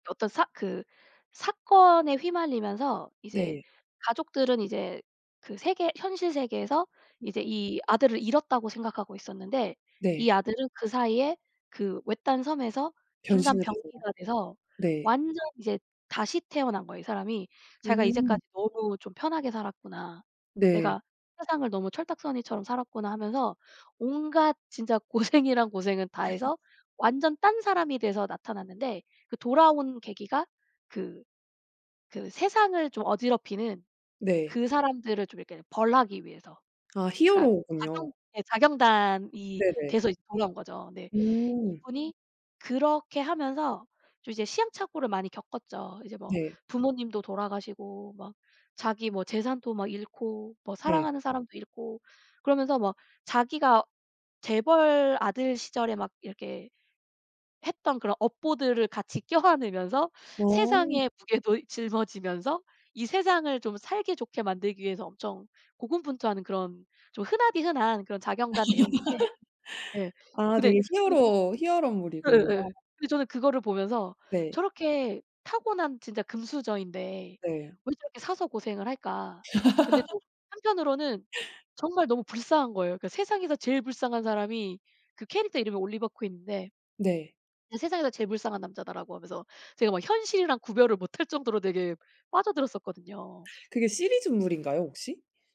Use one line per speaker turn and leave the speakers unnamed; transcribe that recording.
어떤 사 그 사건에 휘말리면서 이제
네.
가족들은 이제 그 세계 현실 세계에서
음.
이제 이 아들을 잃었다고 생각하고 있었는데 이
네.
아들은 그사이에 그 외딴 섬에서 인간
변신하게돼요?
병기가 돼서
네.
완전 이제 다시 태어난 거예요 이 사람이. 자기가 '이제까지
음.
너무 좀 편하게 살았구나.'
네.
'내가 세상을 너무 철딱서니처럼 살았구나.' 하면서 온갖 진짜 고생이란 고생은 다해서 완전 딴사람이 돼서 나타났는데 그 돌아온 계기가 그 그 세상을 좀 어지럽히는
네.
그 사람들을 좀 이렇게 벌하기 위해서.
아
그러니까 자경
히어로군요.
예 자경단이
네네.
돼서 이제 돌아온 거죠. 네
음.
이분이 그렇게 하면서 좀 이제 시행착오를 많이 겪었죠. 이제 뭐
네.
부모님도 돌아가시고 막 자기 뭐 재산도 막 잃고 뭐
네.
사랑하는 사람도 잃고. 그러면서 막 자기가 재벌 아들 시절에 막 이렇게 했던 그런 업보들을 같이 껴안으면서
어
세상의 무게도 짊어지면서 이 세상을 좀 살기 좋게 만들기 위해서 엄청 고군분투하는 그런 좀 흔하디흔한 그런 자경단 내용인데 예.
아
근데
되게
저는
히어로, 히어로물이군요.
예예. 근데 저는 그거를 보면서
네.
'저렇게 타고난 진짜 금수저인데
네.
왜 저렇게 사서 고생을 할까.' 근데 또 한편으로는 정말 너무 불쌍한 거예요. 그러니까 세상에서 제일 불쌍한 사람이 그 캐릭터 이름이 올리버 퀸인데
네.
'세상에서 제일 불쌍한 남자다.'라고 하면서 제가 막 현실이랑 구별을 못할 정도로 되게 빠져들었었거든요.
그게 시리즈물인가요 혹시?